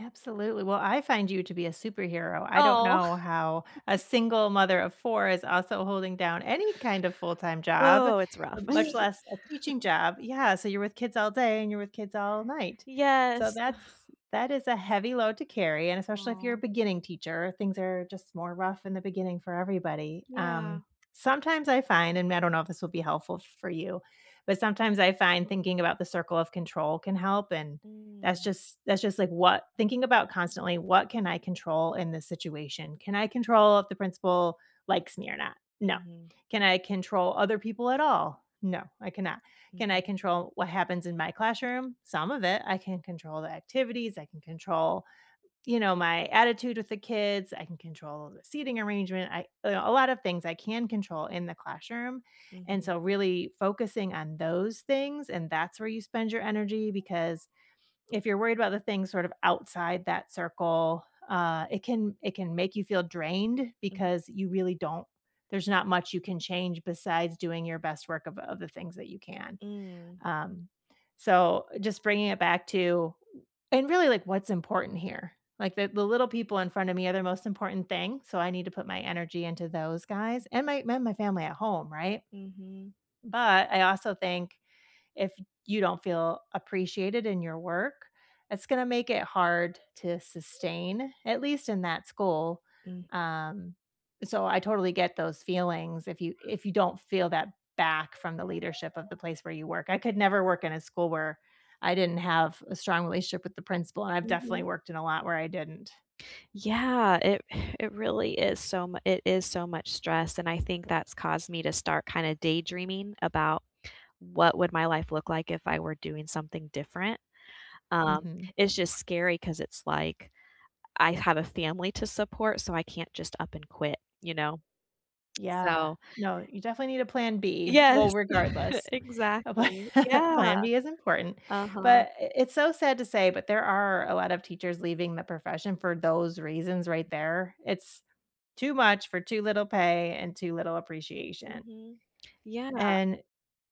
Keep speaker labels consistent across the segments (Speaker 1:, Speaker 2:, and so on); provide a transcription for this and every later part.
Speaker 1: Absolutely, well, I find you to be a superhero. I don't
Speaker 2: Oh.
Speaker 1: know how a single mother of 4 is also holding down any kind of full-time job,
Speaker 2: Oh, it's rough.
Speaker 1: much less a teaching job, yeah, so, you're with kids all day and you're with kids all night, so,
Speaker 2: Yes.
Speaker 1: that's that is a heavy load to carry and especially if you're a
Speaker 2: Oh.
Speaker 1: beginning teacher, things are just more rough in the beginning for everybody,
Speaker 2: Yeah.
Speaker 1: um, sometimes I find, and I don't know if this will be helpful f for you, but sometimes I find thinking about the circle of control can help, and that's
Speaker 2: Mm.
Speaker 1: just that's just like, what thinking about constantly, "What can I control in this situation? Can I control if the principal likes me or not? No.
Speaker 2: Mhm.
Speaker 1: Can I control other people at all? No, I cannot. Can I
Speaker 2: Mhm.
Speaker 1: control what happens in my classroom? Some of it. I can control the activities, I can control," you know, "my attitude with the kids, I can control the seating arrangement, I a lot of things I can control in the classroom," and
Speaker 2: Mhm.
Speaker 1: so really focusing on those things, and that's where you spend your energy because, if you're worried about the things sort of outside that circle, uh, it can it can make you feel drained
Speaker 2: Mm.
Speaker 1: because you really don't there's not much you can change besides doing your best work of of the things that you can,
Speaker 2: Mm.
Speaker 1: um, so, just bringing it back to and really, like, what's important here, like, the the little people in front of me are the most important thing, so I need to put my energy into those guys and my my family at home right,
Speaker 2: Mhm.
Speaker 1: but, I also think if you don't feel appreciated in your work, it's gonna make it hard to sustain, at least in that school,
Speaker 2: Mm.
Speaker 1: um, so, I totally get those feelings if you if you don't feel that back from the leadership of the place where you work I could never work in a school where I didn't have a strong relationship with the principal, and I've definitely
Speaker 2: Mhm.
Speaker 1: worked in a lot where I didn't.
Speaker 2: Yeah, it it really is so, m it is so much stress and I think that's caused me to start kinda daydreaming about what would my life look like if I were doing something different, um,
Speaker 1: Mhm.
Speaker 2: it's just scary 'cause it's, like, I have a family to support, so I can't just up and quit you know?
Speaker 1: Yeah.
Speaker 2: So
Speaker 1: No, you definitely need a plan B, well,
Speaker 2: Yes,
Speaker 1: regardless, a pla
Speaker 2: exactly, yeah,
Speaker 1: plan B is important,
Speaker 2: uh-huh.
Speaker 1: but it it's so sad to say, but there are a lot of teachers leaving the profession for those reasons right there, it's, too much for too little pay and too little appreciation
Speaker 2: Mhm, yeah.
Speaker 1: and,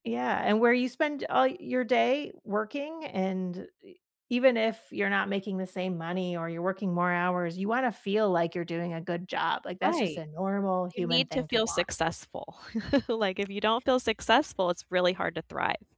Speaker 1: yeah, and where you spend all your day working and e even if you're not making the same money or you're working more hours, you wanna feel like you're doing a good job, like, that's just
Speaker 2: Right,
Speaker 1: a normal
Speaker 2: you
Speaker 1: human
Speaker 2: need to
Speaker 1: thing to
Speaker 2: feel
Speaker 1: want.
Speaker 2: successful, like, if you don't feel successful, it's really hard to thrive.